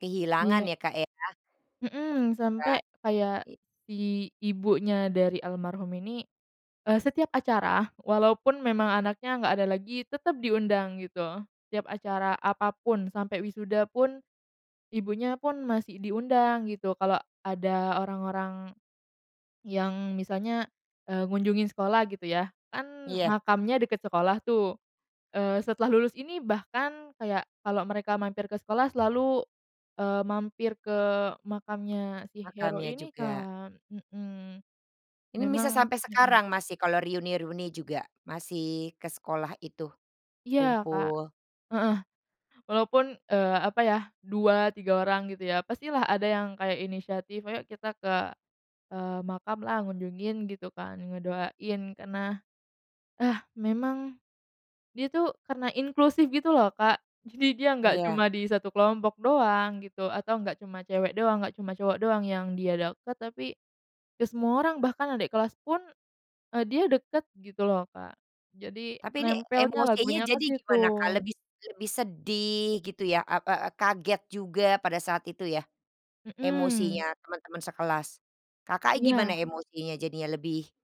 Kehilangan Iya. ya, Kak, ya? Mhm, sampai Kan kayak, i si ibunya dari almarhum ini, eee, setiap acara walaupun memang anaknya nggak ada lagi, tetep diundang gitu. Setiap acara apa pun, sampai wisuda pun, ibunya pun masih diundang gitu. Kalau ada orang-orang, yang misalnya, eee, ngunjungin sekolah gitu ya. Kan Iya. makamnya deket sekolah tuh, eee, setelah lulus ini bahkan kayak, kalau mereka mampir ke sekolah selalu, eee, mampir ke makamnya si Hero Makamnya ini juga? kan, mhm, Ini bisa memang sampai mhm. sekarang masih, kalau reuni-reuni juga, masih ke sekolah itu, Iya, Kak, kumpul. heeh, walaupun, eee, apa ya, 2, 3 orang gitu ya, pastilah ada yang inisiatif, "Ayok kita ke," eee, "makamlah, ngunjungin gitu kan, ngedoain." Karena, ah, memang, dia tuh karena inklusif gitu loh, Kak, jadi dia nggak Iya. cuma di 1 kelompok doang gitu, atau nggak cuma cewek doang, nggak cuma cowok doang yang dia deket, tapi, ke semua orang, bahkan adek kelas pun, eee, dia deket gitu loh, Kak. Jadi Tapi ini nempelnya emosinya lagunya ke jadi gimana Kak, situ. lebis lebih sedih gitu ya, a e e kaget juga pada saat itu ya, emosinya Mhm. teman-teman sekelas? Kakak gimana Iya. emosinya jadinya lebih